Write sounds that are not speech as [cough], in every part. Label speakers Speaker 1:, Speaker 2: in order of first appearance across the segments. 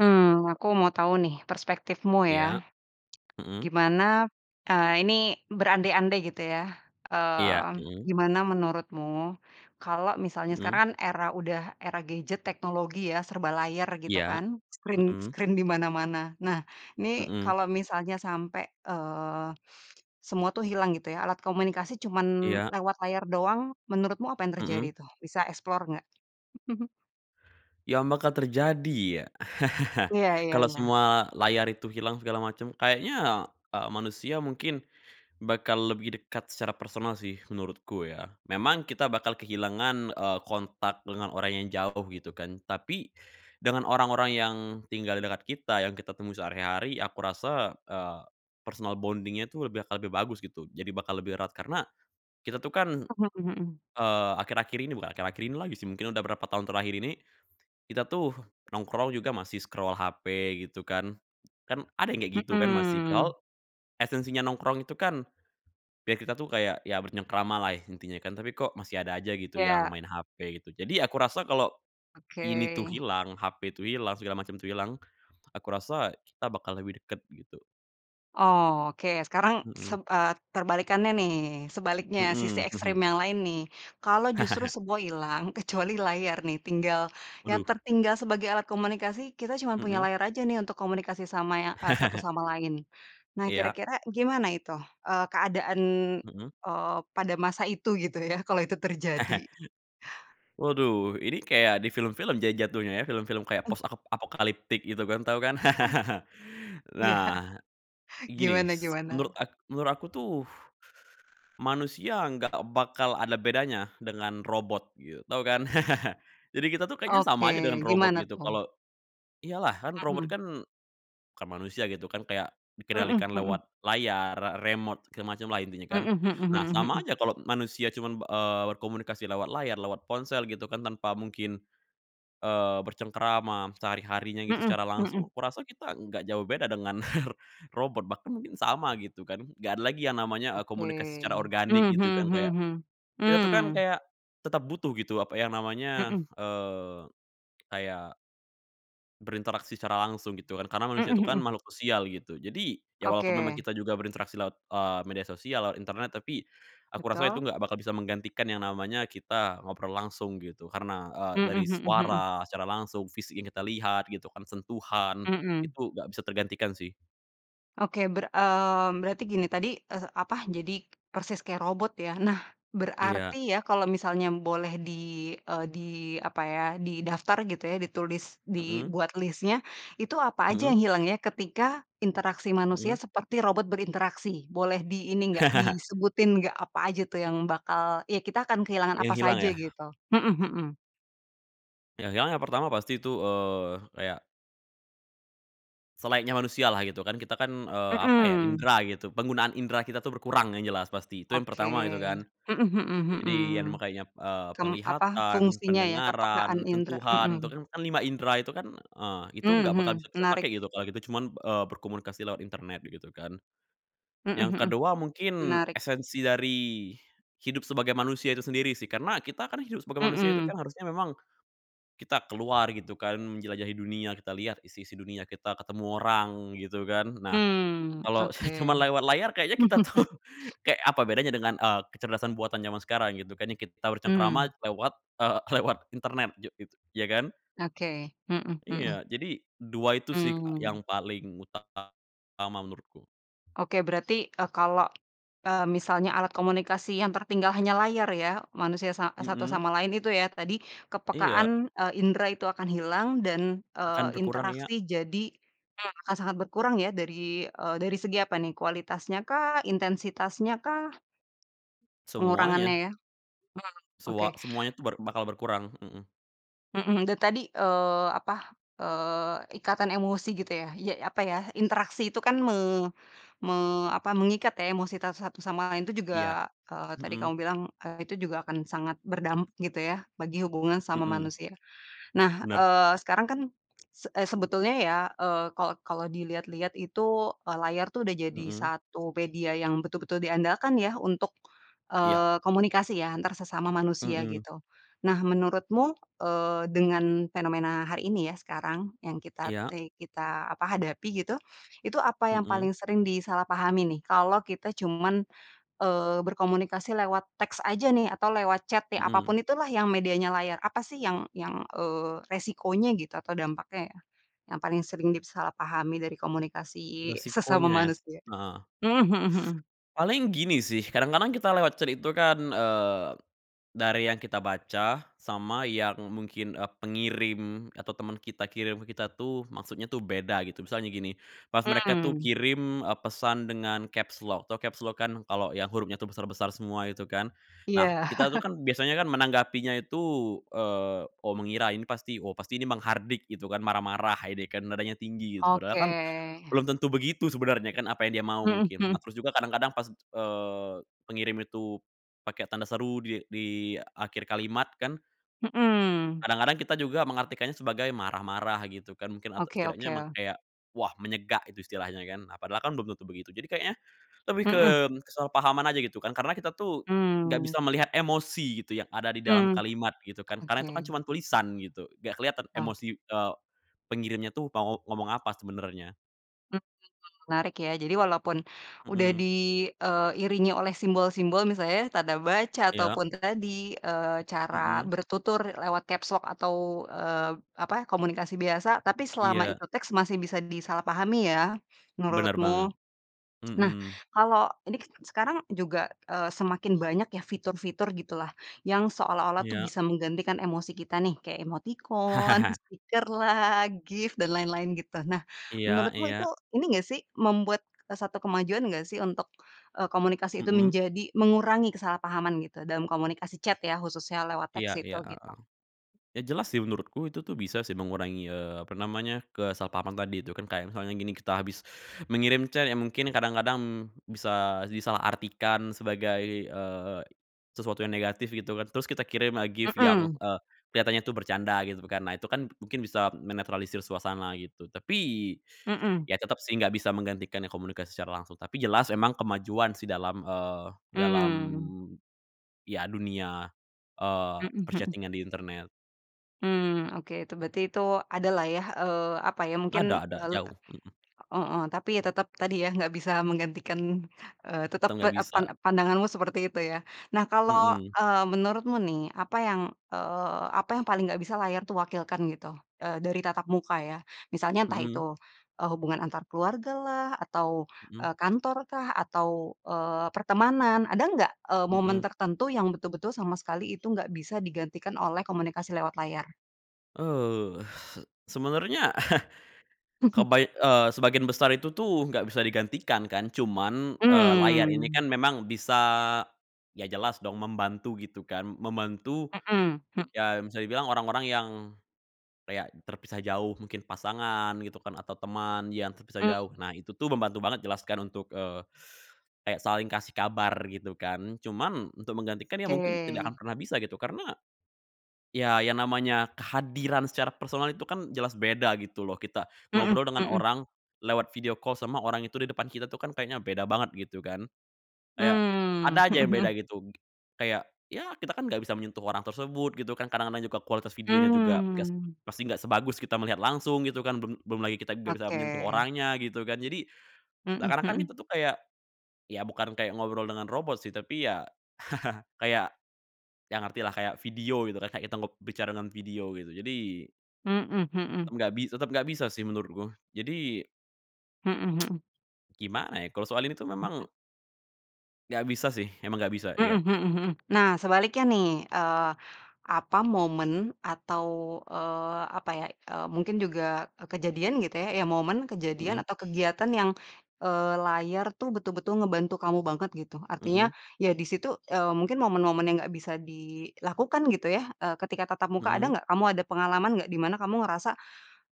Speaker 1: Hmm, aku mau tahu nih perspektifmu ya,
Speaker 2: Iya, mhm.
Speaker 1: gimana, eee, ini berandai-andai gitu ya,
Speaker 2: Iya,
Speaker 1: mmm,
Speaker 2: Mhme.
Speaker 1: gimana menurutmu, kalo misalnya sekarang
Speaker 2: Mhm.
Speaker 1: kan era udah era gadget teknologi ya, serba layar gitu
Speaker 2: Iya,
Speaker 1: kan, screen
Speaker 2: Mhm.
Speaker 1: screen di mana-mana. Nah, ini
Speaker 2: Mhm.
Speaker 1: kalo misalnya sampe, eee, semua tuh hilang gitu ya, alat komunikasi cuma
Speaker 2: Iya.
Speaker 1: lewat layar doang, menurutmu apa yang terjadi
Speaker 2: Mhm.
Speaker 1: tuh? Bisa explore nggak? [chuckles]
Speaker 2: Yang bakal terjadi ya, [chuckles]
Speaker 1: Iya iya
Speaker 2: kalo
Speaker 1: iya.
Speaker 2: semua layar itu hilang segala macem kayaknya, eee, manusia mungkin bakal lebih dekat secara personal sih, menurutku ya. Memang kita bakal kehilangan, eee, kontak dengan orang yang jauh gitu kan, tapi dengan orang-orang yang tinggal di dekat kita, yang kita temui sehari-hari, aku rasa, eee, personal bonding-nya tuh lebih aka lebih bagus gitu, jadi bakal lebih erat. Karena kita tuh kan,
Speaker 1: Mhm mhm.
Speaker 2: eee, akhir-akhir ini bukan akhir-akhir ini lagi sih, mungkin udah berapa tahun terakhir ini, kita tuh nongkrong juga masih scroll HP gitu kan. Kan ada yang kayak gitu kan masih,
Speaker 1: Mhm.
Speaker 2: padahal esensinya nongkrong itu kan biar kita tuh kayak, ya bercengkerama lah intinya kan, tapi kok masih ada aja gitu, yang
Speaker 1: Iya.
Speaker 2: main HP gitu. Jadi aku rasa kalo ini
Speaker 1: Oke.
Speaker 2: tuh hilang, HP itu hilang, segala macam tuh hilang, aku rasa kita bakal lebih deket, gitu.
Speaker 1: Oke, sekarang
Speaker 2: Mhm.
Speaker 1: seb eee, terbalikannya nih. Sebaliknya, sisi
Speaker 2: Mhm.
Speaker 1: ekstrim
Speaker 2: [chuckles]
Speaker 1: yang lain nih. Kalo justru
Speaker 2: [chuckles]
Speaker 1: semua hilang, kecuali layar nih, tinggal yang
Speaker 2: Waduh!
Speaker 1: tertinggal sebagai alat komunikasi, kita cuma punya
Speaker 2: Mhm.
Speaker 1: layar aja nih, untuk komunikasi sama ya eee, satu
Speaker 2: [chuckles]
Speaker 1: sama lain. Nah,
Speaker 2: Iya.
Speaker 1: kira-kira gimana itu, eee, keadaan,
Speaker 2: Mhm.
Speaker 1: eee, pada masa itu gitu ya, kalau itu terjadi?
Speaker 2: [chuckles] Waduh, ini kayak di film-film ja jatuhnya ya, film-film kayak
Speaker 1: Eg
Speaker 2: Post-ap apocalyptic gitu kan, tau kan?
Speaker 1: Oy
Speaker 2: [chuckles]
Speaker 1: Iya,
Speaker 2: Nah e gini
Speaker 1: gimana
Speaker 2: s menurut
Speaker 1: gimana?
Speaker 2: ak menurut aku tuh manusia nggak bakal ada bedanya dengan robot gitu, tau kan? [chuckles] Jadi kita tuh kayaknya sama aja dengan
Speaker 1: Oke,
Speaker 2: robot
Speaker 1: gimana
Speaker 2: gitu,
Speaker 1: tuh?
Speaker 2: kalo iya lah, kan, robot
Speaker 1: Mhm.
Speaker 2: kan bukan manusia gitu kan, kayak
Speaker 1: Mhm
Speaker 2: dikendalikan
Speaker 1: mhm.
Speaker 2: lewat layar, re remote segala semacam lah intinya kan.
Speaker 1: Mhm mhm
Speaker 2: Nah
Speaker 1: mhm
Speaker 2: sama
Speaker 1: mhm.
Speaker 2: aja kalo manusia cuman, b eee, berkomunikasi lewat layar, lewat ponsel gitu kan, tanpa mungkin, eee, bercengkerama m sehari-harinya gitu,
Speaker 1: Mhm
Speaker 2: secara
Speaker 1: mhm.
Speaker 2: langsung. Aku rasa kita nggak jauh beda dengan [chuckles] r robot bahkan mungkin sama gitu kan, nggak ada lagi yang namanya, eee, komunikasi secara
Speaker 1: Oke.
Speaker 2: organik
Speaker 1: Mhm
Speaker 2: gitu kan,
Speaker 1: mhm
Speaker 2: kayak
Speaker 1: mhm mhm,
Speaker 2: kita tuh kan
Speaker 1: mmm.
Speaker 2: kayak tetep butuh gitu apa ya namanya,
Speaker 1: Mhm.
Speaker 2: eee, kayak berinteraksi secara langsung gitu kan. Karena manusia
Speaker 1: Mhm
Speaker 2: itu kan
Speaker 1: mhm.
Speaker 2: makhluk sosial gitu. Jadi, ya walaupun memang
Speaker 1: Oke.
Speaker 2: kita juga berinteraksi lewat, eee, media sosial, lewat internet. Tapi, aku rasa itu
Speaker 1: Betul.
Speaker 2: nggak bakal bisa menggantikan yang namanya kita ngobrol langsung gitu. Karena, eee,
Speaker 1: Mhm
Speaker 2: dari
Speaker 1: mhm mhm.
Speaker 2: suara secara langsung, fisik yang kita lihat gitu kan, sentuhan,
Speaker 1: Mhm.
Speaker 2: itu nggak bisa tergantikan sih.
Speaker 1: Oke ber eee, berarti gini tadi, eh apa, jadi persis kayak robot ya. Nah
Speaker 2: Iya.
Speaker 1: berarti ya, kalau misalnya boleh di, eee, di apa ya, didaftar gitu ya, ditulis,
Speaker 2: Mhm.
Speaker 1: dibuat list-nya, itu apa aja
Speaker 2: Mhm.
Speaker 1: yang hilang ya ketika interaksi manusia
Speaker 2: Mhm.
Speaker 1: seperti robot berinteraksi? Boleh di ini nggak,
Speaker 2: [laughs]
Speaker 1: disebutin nggak apa aja tuh yang bakal ya kita akan kehilangan
Speaker 2: Yang
Speaker 1: apa
Speaker 2: hilang
Speaker 1: saja
Speaker 2: ya?
Speaker 1: gitu? Mhm mhm.
Speaker 2: Yang hilang yang pertama pasti itu, eee, kayak selayaknya manusia lah gitu kan. Kita kan, eee, apa ya,
Speaker 1: Mhm.
Speaker 2: indra gitu, penggunaan indra kita tuh berkurang yang jelas pasti, itu yang
Speaker 1: Oke.
Speaker 2: pertama gitu kan.
Speaker 1: Mhm mhm
Speaker 2: Jadi kan
Speaker 1: mhm.
Speaker 2: makanya, eee,
Speaker 1: Kem apa,
Speaker 2: penglihatan,
Speaker 1: fungsinya ya
Speaker 2: pendengaran,
Speaker 1: kepekaan indra,
Speaker 2: sentuhan, itu
Speaker 1: mhm.
Speaker 2: kan kan 5 indra itu kan, eee, itu nggak bakal
Speaker 1: Mhm,
Speaker 2: bisa kita pakai
Speaker 1: menarik.
Speaker 2: gitu kalau gitu cuman, eee, berkomunikasi lewat internet begitu kan.
Speaker 1: Mhm
Speaker 2: Yang
Speaker 1: mhm,
Speaker 2: ke-2 mungkin
Speaker 1: menarik.
Speaker 2: esensi dari hidup sebagai manusia itu sendiri sih, karena kita kan hidup sebagai manusia itu
Speaker 1: Mhm.
Speaker 2: kan harusnya memang, kita keluar gitu kan menjelajahi dunia, kita lihat isi-isi dunia, kita ketemu orang gitu kan. Nah,
Speaker 1: Mmm,
Speaker 2: kalau
Speaker 1: oke.
Speaker 2: cuma lewat layar kayaknya kita tuh,
Speaker 1: [laughs]
Speaker 2: kayak apa bedanya dengan, eee, kecerdasan buatan zaman sekarang gitu kan yang kita bercengkerama
Speaker 1: Mmm.
Speaker 2: lewat eee, lewat internet jok gitu, iya kan?
Speaker 1: Oke. Mhm mhm.
Speaker 2: Iya, jadi 2 itu sih Kak yang
Speaker 1: Mmm.
Speaker 2: paling utama menurutku.
Speaker 1: Oke, berarti, eee, kalo, eee, misalnya alat komunikasi yang tertinggal hanya layar ya, manusia sa satu
Speaker 2: Mhm.
Speaker 1: sama lain itu ya tadi kepekaan,
Speaker 2: Iya.
Speaker 1: eee, indra itu akan hilang dan, eee,
Speaker 2: Akan berkurang, iya.
Speaker 1: interaksi jadi, hmm, akan sangat berkurang ya dari, eee, dari segi apa nih? Kualitasnya kah? Intensitasnya kah? Pengurangannya
Speaker 2: Semuanya.
Speaker 1: ya? Hmm, oke.
Speaker 2: Soa semuanya tuh ber bakal berkurang. Mhm.
Speaker 1: Mmm, itu tadi, eee, apa, eee, ikatan emosi gitu ya, ya apa ya, interaksi itu kan me me apa, mengikat ya, emosi ta satu sama lain itu
Speaker 2: Iya.
Speaker 1: juga eee, tadi kamu
Speaker 2: Mhm.
Speaker 1: bilang, eee, itu juga akan sangat berdampak gitu ya, bagi hubungan sama
Speaker 2: Mhm.
Speaker 1: manusia. Nah,
Speaker 2: Benar.
Speaker 1: eee, sekarang kan, se e sebetulnya ya, eee, kalau kalau diliat-lihat itu, e layar tuh udah jadi
Speaker 2: Mhm.
Speaker 1: 1 media yang betul-betul diandalkan ya, untuk,
Speaker 2: Iya.
Speaker 1: eee, komunikasi ya, antar sesama manusia,
Speaker 2: Mhm.
Speaker 1: gitu. Nah, menurutmu, eee, dengan fenomena hari ini ya, sekarang, yang kita
Speaker 2: Iya.
Speaker 1: te kita, apa, hadapi gitu, itu apa yang paling
Speaker 2: Mhm.
Speaker 1: sering disalahpahamin, nih? Kalau kita cuman, eee, berkomunikasi lewat teks aja nih, atau lewat chat ya, apa
Speaker 2: Mhm.
Speaker 1: pun itulah yang medianya layar, apa sih yang yang, eee, resikonya gitu, atau dampaknya ya, yang paling sering disalahpahami dari komunikasi sesama
Speaker 2: Resikonya ya, s
Speaker 1: manusia?
Speaker 2: heeh.
Speaker 1: Mhm mhm mhm.
Speaker 2: Paling gini sih, kadang-kadang kita lewat chat itu kan, eee, dari yang kita baca, sama yang mungkin, eee, pengirim atau teman kita kirim ke kita tuh, maksudnya tuh beda, gitu. Misalnya gini, pas mereka tuh
Speaker 1: Hmm.
Speaker 2: kirim, eee, pesan dengan caps lock, tau caps lock, kan? Kalau yang hurufnya tuh besar-besar semua itu kan.
Speaker 1: Iya.
Speaker 2: Nah, kita tuh
Speaker 1: [chuckles]
Speaker 2: kan biasanya kan menanggapinya itu, eee, "Oh," mengira, "ini pasti oh, pasti ini menghardik," gitu kan, marah-marah ini kan, nadanya tinggi, gitu. Padahal
Speaker 1: Oke.
Speaker 2: kan, belum tentu begitu sebenarnya kan, apa yang dia mau
Speaker 1: Mhm
Speaker 2: mungkin. Nah,
Speaker 1: mhm.
Speaker 2: terus juga kadang-kadang pas, eee, pengirim itu pakai tanda seru di di akhir kalimat kan
Speaker 1: Mhm.
Speaker 2: kadang-kadang kita juga mengartikannya sebagai marah-marah, gitu kan, mungkin, atau
Speaker 1: Oke
Speaker 2: setidaknya emang
Speaker 1: oke.
Speaker 2: kayak, "Wah menyegak." gitu istilahnya, kan. Nah, padahal kan belum tentu begitu. Jadi kayaknya lebih ke
Speaker 1: Mhm.
Speaker 2: kesalahpahaman aja, gitu, kan. Karena kita tuh nggak
Speaker 1: Mmm.
Speaker 2: bisa melihat emosi, gitu, yang ada di dalam
Speaker 1: Mmm.
Speaker 2: kalimat, gitu kan. Karena itu
Speaker 1: Oke.
Speaker 2: kan cuman tulisan gitu, nggak kelihatan
Speaker 1: Oh.
Speaker 2: emosi, eee, pengirimnya tuh mau ngomong apa sebenarnya.
Speaker 1: Mmm, wah menarik, ya. Jadi walaupun udah
Speaker 2: Mhm.
Speaker 1: di eee, ...iringi oleh simbol-simbol, misalnya, tanda baca, atau
Speaker 2: Iya.
Speaker 1: pun tadi, eee, cara
Speaker 2: Mhm.
Speaker 1: bertutur lewat caps lock atau, eee, apa, komunikasi biasa, tapi selama
Speaker 2: Iya.
Speaker 1: itu teks, masih bisa disalahpahami ya,
Speaker 2: Benar banget.
Speaker 1: menurutmu? Nah,
Speaker 2: Mhm.
Speaker 1: kalau ini kan sekarang juga, eee, semakin banyak ya fitur-fitur gitu lah, yang seolah-olah tuh
Speaker 2: Iya.
Speaker 1: bisa menggantikan emosi kita nih, kayak emotikon,
Speaker 2: [chuckles]
Speaker 1: stiker lah, GIF, dan lain-lain, gitu. Nah,
Speaker 2: Iya
Speaker 1: menurutmu itu,
Speaker 2: iya.
Speaker 1: ini enggak sih, membuat, eee, satu kemajuan nggak sih untuk, eee, komunikasi itu
Speaker 2: Mhm.
Speaker 1: menjadi mengurangi kesalahpahaman gitu, dalam komunikasi chat ya, khususnya, lewat
Speaker 2: Iya
Speaker 1: teks
Speaker 2: iya,
Speaker 1: itu,
Speaker 2: heeh.
Speaker 1: gitu?
Speaker 2: Ya, jelas sih menurutku, itu tuh bisa sih mengurangi, eee, apa namanya, kesalahpahaman tadi itu, kan. Kayak misalnya gini, kita habis mengirim chat, ya mungkin kadang-kadang bisa disalahartikan sebagai, eee, sesuatu yang negatif gitu kan, terus kita kirim lah GIF yang,
Speaker 1: Mhm.
Speaker 2: eee, kelihatannya tuh bercanda gitu kan, nah itu kan mungkin bisa menetralisir suasana, gitu. Tapi,
Speaker 1: Mhm.
Speaker 2: ya tetap sih, enggak bisa menggantikan yang komunikasi secara langsung, tapi jelas emang kemajuan sih dalam, eee, dalam,
Speaker 1: Mmm.
Speaker 2: ya dunia, eee,
Speaker 1: Mhm mhm.
Speaker 2: per-chatting-an di internet.
Speaker 1: Mmm, oke, itu berarti itu, ada lah ya, eee, apa ya, mungkin,
Speaker 2: Ada ada,
Speaker 1: eee
Speaker 2: jauh. Mhm.
Speaker 1: heeh. Tapi ya tetap, tadi ya, nggak bisa menggantikan, eee, tetap
Speaker 2: Teng
Speaker 1: pe
Speaker 2: nggak
Speaker 1: e pan
Speaker 2: bisa.
Speaker 1: pandanganmu seperti itu, ya. Nah kalau,
Speaker 2: Mhm.
Speaker 1: eee, menurutmu nih, apa yang, eee, apa yang paling nggak bisa layar itu wakilkan, gitu? Eee, dari tatap muka, ya. Misalnya entah itu,
Speaker 2: Mhm.
Speaker 1: eee, hubungan antar keluarga lah, atau,
Speaker 2: Mhm.
Speaker 1: eee, kantor kah, atau, eee, pertemanan, ada enggak, eee, momen
Speaker 2: Mhm.
Speaker 1: tertentu yang betul-betul sama sekali itu enggak bisa digantikan oleh komunikasi lewat layar?
Speaker 2: Eee, se sebenernya [chuckles]
Speaker 1: [chuckles]
Speaker 2: kebaik eee, sebagian besar itu tuh, enggak bisa digantikan, kan, cuman, eee, layar ini
Speaker 1: Mmm.
Speaker 2: kan memang bisa, ya jelas dong membantu, gitu, kan, membantu,
Speaker 1: Mhm, mhm.
Speaker 2: ya bisa dibilang orang-orang yang kayak terpisah jauh, mungkin pasangan, gitu, kan, atau teman yang terpisah
Speaker 1: Mmm.
Speaker 2: jauh. Nah, itu tuh membantu banget jelas, kan, untuk, eee, [sucks teeth] kayak saling kasih kabar, gitu, kan. Cuman untuk menggantikan ya mungkin tidak
Speaker 1: Oke.
Speaker 2: akan pernah bisa, gitu, karena ya, yang namanya kehadiran secara personal itu kan jelas beda, gitu loh, kita
Speaker 1: Mhm,
Speaker 2: ngobrol dengan
Speaker 1: mhm.
Speaker 2: orang lewat video call sama orang itu di depan kita tuh kan kayaknya beda banget, gitu, kan. Kayak, ada
Speaker 1: Mmm,
Speaker 2: aja
Speaker 1: mhm
Speaker 2: yang
Speaker 1: mhm.
Speaker 2: beda, gitu, kayak ya kita, kan, enggak bisa menyentuh orang tersebut gitu kan, kadang-kadang juga kualitas videonya juga gas
Speaker 1: Mmm.
Speaker 2: pasti nggak sebagus kita melihat langsung gitu kan, belum belum lagi kita enggak bisa menyentuh
Speaker 1: Oke.
Speaker 2: orangnya, gitu kan. Jadi
Speaker 1: Mhm
Speaker 2: seakan-akan
Speaker 1: mhm.
Speaker 2: kita tuh kayak, ya bukan kayak ngobrol dengan robot sih tapi, ya, [chuckles] kayak, ya ngerti lah kayak video, gitu, kan, kayak kita ngob bicara dengan video gitu, jadi
Speaker 1: Mhm mhm.
Speaker 2: enggak bis tetep enggak bisa sih menurutku. Jadi
Speaker 1: Mhm
Speaker 2: [tsk]
Speaker 1: mhm.
Speaker 2: gimana ya, kalau soal ini tuh memang enggak bisa, sih, emang enggak bisa,
Speaker 1: Mhm
Speaker 2: iya.
Speaker 1: mhm mhm. Nah, sebaliknya, nih, eee, apa, momen atau, eee, apa ya, eee, mungkin juga kejadian gitu ya, ya momen, kejadian
Speaker 2: Mhm.
Speaker 1: atau kegiatan yang, eee, layar tuh betul-betul ngebantu kamu banget gitu, artinya
Speaker 2: Mhm.
Speaker 1: ya di situ, eee, mungkin momen-momen yang enggak bisa dilakukan, gitu ya, eee, ketika tatap muka ada
Speaker 2: Mhm.
Speaker 1: enggak? Kamu ada pengalaman enggak? Di mana kamu ngerasa,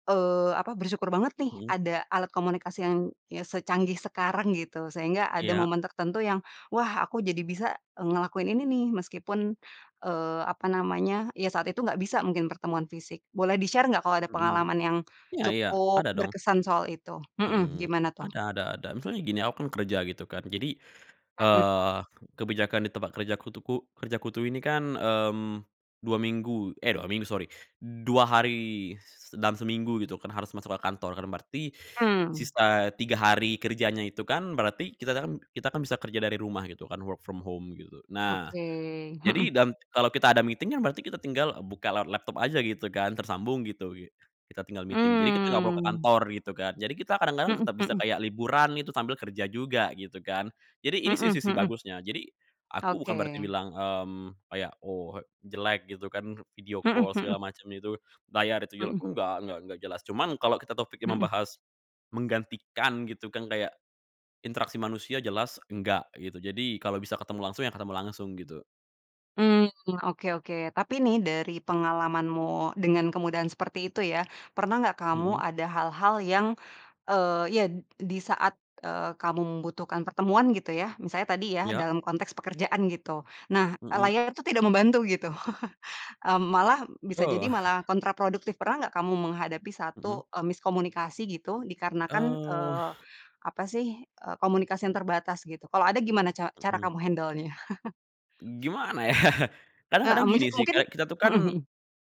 Speaker 1: eee, apa, bersyukur banget, nih,
Speaker 2: Mhm.
Speaker 1: ada alat komunikasi yang yang secanggih sekarang gitu, sehingga ada
Speaker 2: Iya.
Speaker 1: momen tertentu yang, wah, aku jadi bisa ngelakuin ini, nih, meskipun, eee, apa namanya, ya saat itu enggak bisa mungkin pertemuan fisik. Boleh di-share enggak kalau ada
Speaker 2: Mhm,
Speaker 1: pengalaman yang
Speaker 2: ya ya,
Speaker 1: cukup
Speaker 2: ada dong.
Speaker 1: berkesan soal itu? Mhm,
Speaker 2: Mhm,
Speaker 1: gimana tuh?
Speaker 2: ada ada ada. Misalnya gini, aku kan kerja, gitu, kan, jadi,
Speaker 1: Mhm, kan.
Speaker 2: eee, kebijakan di tempat kerjaku tuh ku kerjaku tuh ini, kan, mmm, 2 minggu eh, 2 minggu, sori, 2 hari dalam seminggu, gitu, kan, harus masuk ke kantor, kan berarti
Speaker 1: Mmm.
Speaker 2: sisa 3 hari kerjanya itu, kan, berarti kita, kan kita kan, bisa kerja dari rumah gitu kan, work from home gitu. Nah,
Speaker 1: Oke,
Speaker 2: jadi
Speaker 1: mhm.
Speaker 2: dan kalo kita ada meeting, ya berarti kita tinggal buka lewat laptop aja gitu kan, tersambung, gitu gi kita tinggal meeting, jadi kita enggak perlu ke
Speaker 1: Mmm.
Speaker 2: kantor, gitu, kan. Jadi kita kadang-kadang
Speaker 1: Mhm
Speaker 2: tetap bisa
Speaker 1: mhm.
Speaker 2: kayak liburan itu sambil kerja juga, gitu, kan. Jadi ini sih
Speaker 1: Mhm
Speaker 2: sisi
Speaker 1: mhm.
Speaker 2: bagusnya, jadi aku bukan berarti
Speaker 1: Oke.
Speaker 2: bilang, mmm, kayak, "Oh, jelek," gitu, kan, video
Speaker 1: Mhm
Speaker 2: call
Speaker 1: mhm.
Speaker 2: segala macam itu, layar itu jelek,
Speaker 1: Mhm.
Speaker 2: enggak, enggak enggak, jelas, cuman kalo kita topiknya
Speaker 1: Mhm.
Speaker 2: membahas menggantikan, gitu, kan, kayak interaksi manusia jelas enggak, gitu. Jadi kalo bisa ketemu langsung, ya ketemu langsung gitu.
Speaker 1: Mmm, oke oke, tapi nih dari pengalamanmu dengan kemudahan seperti itu ya, pernah enggak kamu
Speaker 2: Mhm.
Speaker 1: ada hal-hal yang, e iya, di saat, eee, kamu membutuhkan pertemuan, gitu ya, misalnya tadi ya,
Speaker 2: Ya.
Speaker 1: dalam konteks pekerjaan, gitu. Nah,
Speaker 2: Mhm.
Speaker 1: layarnya tuh tidak membantu gitu, [chuckles] eee, malah bisa jadi
Speaker 2: Oh.
Speaker 1: malah kontraproduktif. Pernah enggak kamu menghadapi
Speaker 2: Mhm.
Speaker 1: satu, eee, miskomunikasi gitu, dikarenakan,
Speaker 2: Eh.
Speaker 1: eee, apa sih, eee, komunikasi yang terbatas, gitu? Kalau ada gimana ca cara
Speaker 2: Mhm.
Speaker 1: kamu handelnya?
Speaker 2: Gimana ya, [chuckles]
Speaker 1: Heeh,
Speaker 2: kadang-kadang
Speaker 1: mis
Speaker 2: gini, sih,
Speaker 1: mungkin,
Speaker 2: kayak kita tuh, kan,
Speaker 1: mhm mhm.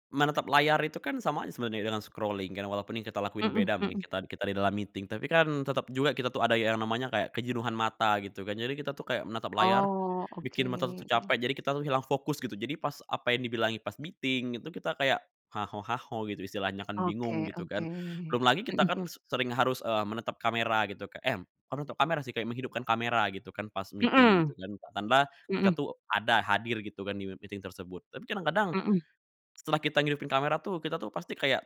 Speaker 2: menatap layar itu, kan, sama aja sebenernya dengan scrolling, kan, walaupun yang kita lakuin
Speaker 1: Mhm
Speaker 2: beda mungkin,
Speaker 1: mhm.
Speaker 2: kita kita di dalam meeting tapi, kan, tetap juga kita tuh ada yang namanya kayak kejenuhan mata, gitu, kan. Jadi kita tuh kayak menatap layar,
Speaker 1: Oh,
Speaker 2: bikin mata tuh
Speaker 1: oke.
Speaker 2: capek, jadi kita tuh hilang fokus gitu, jadi pas apa yang dibilangin pas meeting, itu kita kayak ha ho ha ho, gitu, istilahnya, kan, bingung,
Speaker 1: Oke
Speaker 2: gitu,
Speaker 1: oke,
Speaker 2: kan. Belum lagi kita,
Speaker 1: mhm.
Speaker 2: kan s sering harus, eee, menatap kamera gitu kek eh, kok natap kamera sih, kayak menghidupkan kamera, gitu, kan, pas meeting, gitu,
Speaker 1: Mhm,
Speaker 2: kan, ditambah kita
Speaker 1: mhm.
Speaker 2: tuh ada hadir, gitu, kan, di meeting tersebut, tapi kadang-kadang,
Speaker 1: Mhm.
Speaker 2: setelah kita ngidupin kamera tuh, kita tuh pasti kayak,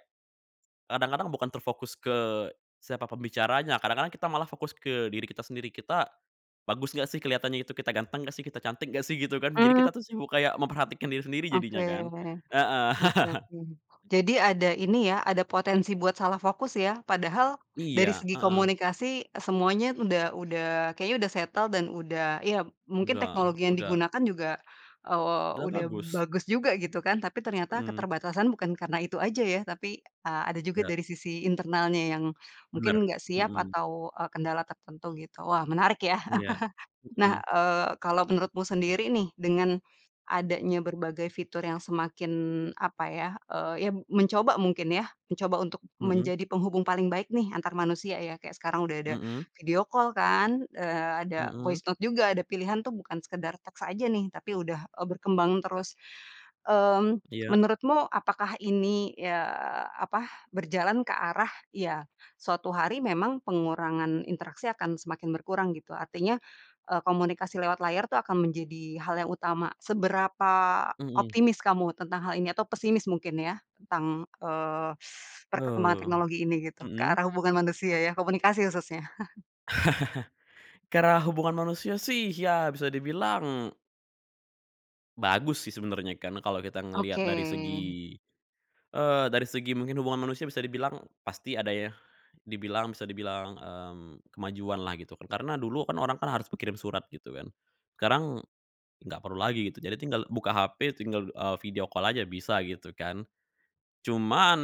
Speaker 2: kadang-kadang bukan terfokus ke siapa pembicaranya, kadang-kadang kita malah fokus ke diri kita sendiri. Kita bagus enggak, sih, kelihatannya itu? Kita ganteng enggak, sih? Kita cantik enggak, sih? Gitu, kan. Jadi kita
Speaker 1: Mmm.
Speaker 2: tuh sibuk kayak memperhatikan diri sendiri jadinya,
Speaker 1: Oke,
Speaker 2: kan, heeh.
Speaker 1: oke oke.
Speaker 2: [laughs]
Speaker 1: Jadi ada, ini ya, ada potensi buat salah fokus ya, padahal dari
Speaker 2: Iya
Speaker 1: segi
Speaker 2: heeh.
Speaker 1: komunikasi semuanya, udah udah, kayaknya udah settle, dan udah, ya, mungkin
Speaker 2: Udah
Speaker 1: teknologi yang
Speaker 2: udah.
Speaker 1: digunakan juga, eee,
Speaker 2: Udah
Speaker 1: udah
Speaker 2: bagus.
Speaker 1: bagus juga, gitu, kan, tapi ternyata
Speaker 2: Mhm.
Speaker 1: keterbatasan bukan karena itu aja ya, tapi a ada juga
Speaker 2: Ya.
Speaker 1: dari sisi internalnya yang mungkin
Speaker 2: Bener,
Speaker 1: enggak siap
Speaker 2: mhm.
Speaker 1: atau, eee, kendala tertentu, gitu. Wah, menarik ya.
Speaker 2: Iya,
Speaker 1: [chuckles] Nah,
Speaker 2: mhm.
Speaker 1: eee, kalo menurutmu sendiri, nih, dengan adanya berbagai fitur yang semakin, apa ya, eee, ya mencoba mungkin ya, mencoba untuk
Speaker 2: Mhm.
Speaker 1: menjadi penghubung paling baik, nih, antar manusia ya, kayak sekarang udah ada
Speaker 2: Mhm.
Speaker 1: video call, kan, eee, ada voice
Speaker 2: Mhm.
Speaker 1: note juga, ada pilihan tuh bukan sekedar teks aja, nih, tapi udah, eee, berkembang terus. Eee,
Speaker 2: Iya.
Speaker 1: menurutmu apakah ini, ya, apa, berjalan ke arah, ya suatu hari memang pengurangan interaksi akan semakin berkurang, gitu, artinya, eee, komunikasi lewat layar tuh akan menjadi hal yang utama. Seberapa
Speaker 2: Mhm.
Speaker 1: optimis kamu tentang hal ini, atau pesimis mungkin ya, tentang, eee, [sucks teeth] perkembangan
Speaker 2: Oh,
Speaker 1: teknologi ini, gitu? Ke
Speaker 2: mhm.
Speaker 1: arah hubungan manusia ya, komunikasi khususnya. [chuckles]
Speaker 2: [laughs] Karena hubungan manusia, sih, ya bisa dibilang bagus, sih, sebenarnya, karena kalo kita ngelihat
Speaker 1: Oke.
Speaker 2: dari segi, eee, dari segi mungkin hubungan manusia bisa dibilang pasti ada ya, dibilang bisa dibilang, mmm, kemajuan lah gitu, kan, karena dulu, kan, orang, kan, harus berkirim surat, gitu kan. Sekarang enggak perlu lagi gitu. Jadi tinggal buka HP tinggal, eee, video call aja bisa, gitu kan. Cuman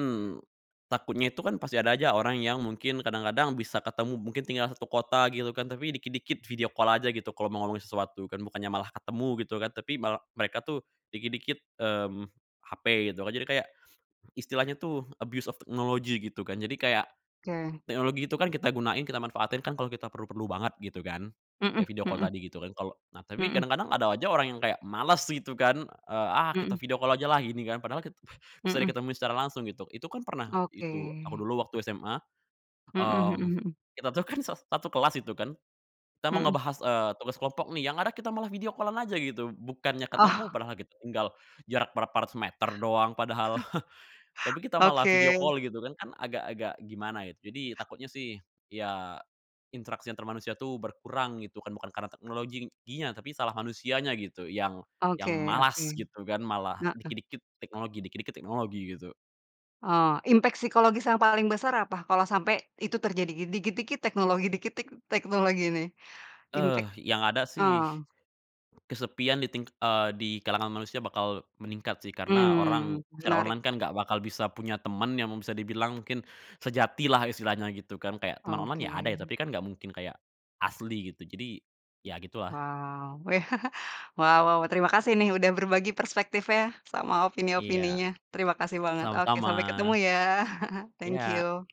Speaker 2: takutnya itu, kan, pasti ada aja orang yang mungkin kadang-kadang bisa ketemu, mungkin tinggal satu kota, gitu, kan, tapi dikit-dikit video call aja gitu kalo mau ngomongin sesuatu, kan, bukannya malah ketemu, gitu, kan. Tapi mal mereka tuh dikit-dikit, mmm, HP gitu kan, jadi kayak istilahnya tuh abuse of technology, gitu, kan. Jadi kayak
Speaker 1: Oke.
Speaker 2: teknologi itu, kan, kita gunain, kita manfaatin kan kalo kita perlu-perlu banget, gitu, kan, kayak
Speaker 1: Mhm,
Speaker 2: video call
Speaker 1: mhm.
Speaker 2: tadi, gitu, kan, kalo nah, tapi
Speaker 1: Mhm.
Speaker 2: kadang-kadang ada aja orang yang kayak males, gitu, kan, eee, "Ah, kita
Speaker 1: Mhm.
Speaker 2: video call aja lah," gini, kan, padahal kita bisa
Speaker 1: Mhm.
Speaker 2: diketemuin secara langsung gitu. Itu kan pernah, itu, aku
Speaker 1: Oke.
Speaker 2: dulu waktu SMA,
Speaker 1: Mhm mhm
Speaker 2: mmm,
Speaker 1: mhm.
Speaker 2: kita tuh kan sas satu kelas itu kan, kita mau
Speaker 1: Mhm.
Speaker 2: ngebahas, eee, tugas kelompok, nih, yang ada kita malah video call-an aja gitu, bukannya ketemu
Speaker 1: Oh.
Speaker 2: padahal kita tinggal jarak berapa ratus meter doang padahal. [chuckles] Tapi
Speaker 1: [chuckles]
Speaker 2: kita malah video
Speaker 1: Oke.
Speaker 2: call, gitu, kan, kan, agak-agak gimana gitu. Jadi takutnya sih, ya interaksi antar manusia tuh berkurang, gitu kan, bukan karena teknologinya tapi salah manusianya, gitu, yang yang
Speaker 1: Oke oke,
Speaker 2: malas, gitu kan, malah
Speaker 1: heeh.
Speaker 2: dikit-dikit teknologi dikit-dikit teknologi, gitu.
Speaker 1: Oh, impact psikologis yang paling besar apa kalau sampai itu terjadi? Di dikit-dikit teknologi dikit-dikit teknologi, nih.
Speaker 2: Eee,
Speaker 1: Impact
Speaker 2: yang ada sih
Speaker 1: oh.
Speaker 2: kesepian di ting eee, di kalangan manusia bakal meningkat, sih, karena orang
Speaker 1: Mmm,
Speaker 2: secara
Speaker 1: menarik.
Speaker 2: online kan enggak bakal bisa punya temen yang emang bisa dibilang mungkin sejati lah istilahnya, gitu, kan, kayak teman online ya, ada ya,
Speaker 1: Oke.
Speaker 2: tapi kan enggak mungkin kayak asli, gitu, jadi, ya, gitu lah.
Speaker 1: Wow, weh, [chuckles] wow, terima kasih nih udah berbagi perspektif ya, sama
Speaker 2: Iya,
Speaker 1: opini-opininya. Terima kasih banget, oke,
Speaker 2: sama-sama.
Speaker 1: sampai ketemu ya, [chuckles] thank
Speaker 2: Iya.
Speaker 1: you.